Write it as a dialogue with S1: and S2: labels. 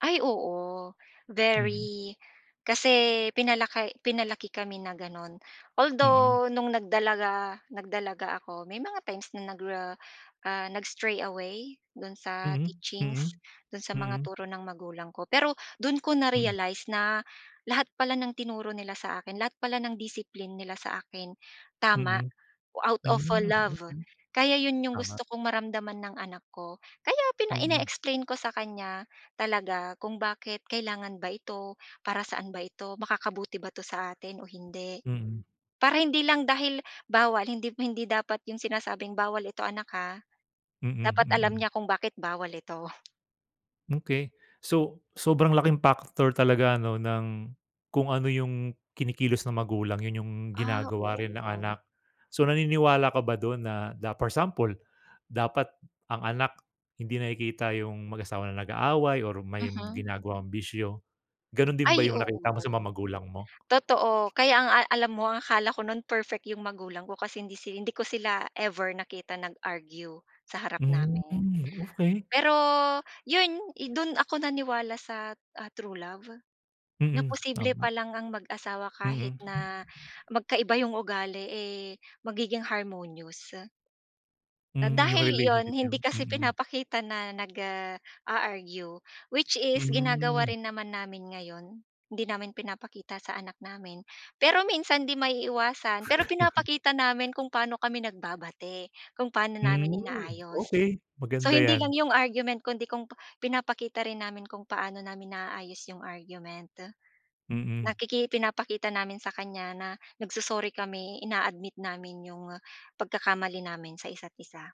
S1: Ay, oo,
S2: Hmm.
S1: very kasi pinalaki pinalaki kami na gano'n,
S2: Mm.
S1: although nung nagdalaga nagdalaga ako, may mga times na nagra ah, nag-stray away do'n sa
S2: Mhm,
S1: teachings,
S2: Mm,
S1: do'n sa mga
S2: Mm.
S1: turo ng magulang ko. Pero do'n ko
S2: Mm.
S1: na-realize na, lahat pala ng tinuro nila sa akin, lahat pala ng discipline nila sa akin, tama,
S2: Mm.
S1: out of
S2: Hmm,
S1: love.
S2: okey.
S1: Kaya 'yun yung
S2: Tama.
S1: gusto kong maramdaman ng anak ko, kaya pina
S2: Mm.
S1: ine-explain ko sa kanya, talaga, kung bakit kailangan ba ito, para saan ba ito, makakabuti ba 'to sa atin o hindi?
S2: Mm.
S1: Para hindi lang dahil bawal, hindi, hindi dapat yung sinasabing, "Bawal ito anak, ha."
S2: Mm,
S1: Dapat alam
S2: mm.
S1: niya kung bakit bawal ito.
S2: Okey. So, sobrang laking factor talaga, 'no, ng kung ano yung kinikilos ng magulang, 'yun yung
S1: Ah,
S2: ginagawa
S1: oo,
S2: rin ng
S1: nga.
S2: anak. So, naniniwala ka ba do'n na na for example, dapat ang anak, hindi nakikita yung mag-asawa na nag-aaway or may
S1: Mhm.
S2: ginagawang bisyo. Gano'n din ba
S1: Ay,
S2: yung
S1: oo,
S2: nakita mo sa mga magulang mo?
S1: totoo. Kaya, ang a alam mo, ang akala ko no'n, perfect 'yong magulang ko, kasi hindi si hindi ko sila ever nakita nag-argue sa harap
S2: Hmm,
S1: namin.
S2: okey.
S1: Pero 'yun, do'n ako naniwala sa, ah, true love, na
S2: Mm,
S1: posible pa
S2: tama.
S1: lang ang mag-asawa kahit
S2: Mm.
S1: na magkaiba yong ugali, eh, magiging harmonious. Na
S2: Hmm, yung
S1: dahil iyon,
S2: relationship niyo?
S1: hindi kasi
S2: Mm.
S1: pinapakita na nag, ah, a-argue, which is ginagawa
S2: Mhm.
S1: rin naman namin ngayon. Hindi namin pinapakita sa anak namin. Pero minsan hindi maiiwasan, pero pinapakita namin kung paano kami nagbabati, kung paano namin
S2: Hmm,
S1: inaayos.
S2: okey.
S1: So,
S2: Maganda
S1: hindi lang
S2: yan.
S1: yong argument kundi kung pa pinapakita rin namin kung paano namin naaayos yong argument.
S2: Mm.
S1: Nakiki ipinapakita namin sa kanya na nag-so-sorry kami, ina-admit namin 'yong, ah, pagkakamali namin sa isa’t-isa.